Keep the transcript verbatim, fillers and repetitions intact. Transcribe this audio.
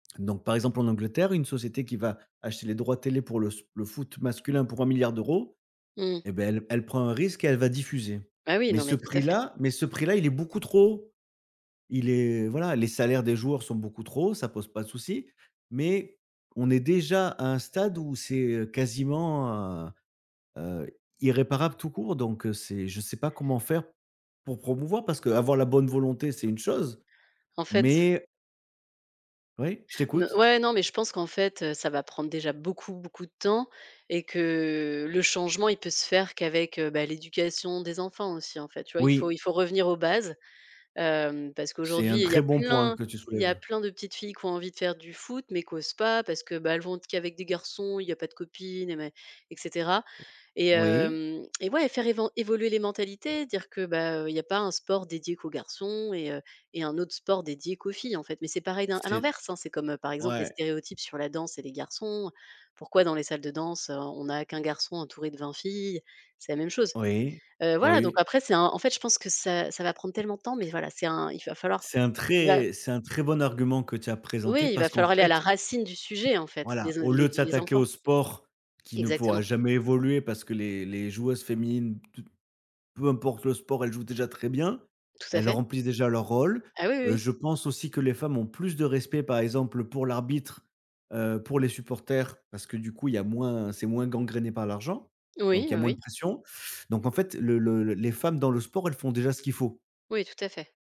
Donc par exemple en Angleterre, une société qui va acheter les droits télé pour le spo le foot masculin pour un milliard d'euros Mmh. et ben elle elle prend un risque et elle va diffuser. Ah oui, Mais non ce mais, tout à fait. prix-là mais ce prix-là, il est beaucoup trop haut. Il est voilà, les salaires des joueurs sont beaucoup trop ça pose pas de souci, mais on est déjà à un stade où c'est, heu, quasiment hein, heu, irréparable tout court donc heu, c'est je sais pas comment faire pour promouvoir, parce que avoir la bonne volonté, c'est une chose, En fait mais oui, je no t'écoute. ouais non mais, je pense qu'en fait, heu, ça va prendre déjà beaucoup beaucoup de temps et que, heu, le changement, il peut se faire qu'avec, heu, ben l'éducation des enfants aussi en fait, tu vois? Il faut Oui. il faut revenir aux bases. Hem, parce C'est qu'aujourd'hui, un il y très a bon point plein que tu il y a soulèves. plein de petites filles qui ont envie de faire du foot mais qui osent pas parce que, bah, elles vont être qu'avec des garçons, il y a pas de copines et mais et cetera et Oui. heu et ouais, faire év faire évoluer les mentalités, dire que, bah, il y a pas un sport dédié qu'aux garçons et heu et un autre sport dédié qu'aux filles, en fait. Mais c'est pareil d à C'est l'inverse, hein, c'est comme par exemple les ouais. stéréotypes sur la danse et les garçons. Pourquoi dans les salles de danse, on on a qu'un garçon entouré de vingt filles? C'est la même chose. Oui, Heu, voilà donc oui. après, c'est un en fait, je pense que ça ça va prendre tellement de temps, mais voilà, c'est un il va falloir C'est un ouais. très c'est un très bon argument que tu as présenté Oui, il va parce qu'en falloir aller à fait, la heu racine du sujet en fait voilà, les o au lieu les de les s'attaquer enfants. au sport qui ne pourra Exactement. jamais évoluer, parce que les les joueuses féminines, toutes peu importe le sport, elles jouent déjà très bien, Tout à elles fait. remplissent déjà leur rôle. Ah, oui, oui, Heu, oui. je pense aussi que les femmes ont plus de respect par exemple, heu, pour l'arbitre, heu, pour les supporters, parce que du coup il y a moins, c'est moins gangréné par l'argent, donc Oui, il y a moins de oui. pression. Donc en fait le le les femmes dans le sport, elles font déjà ce qu'il faut. Oui, tout à fait.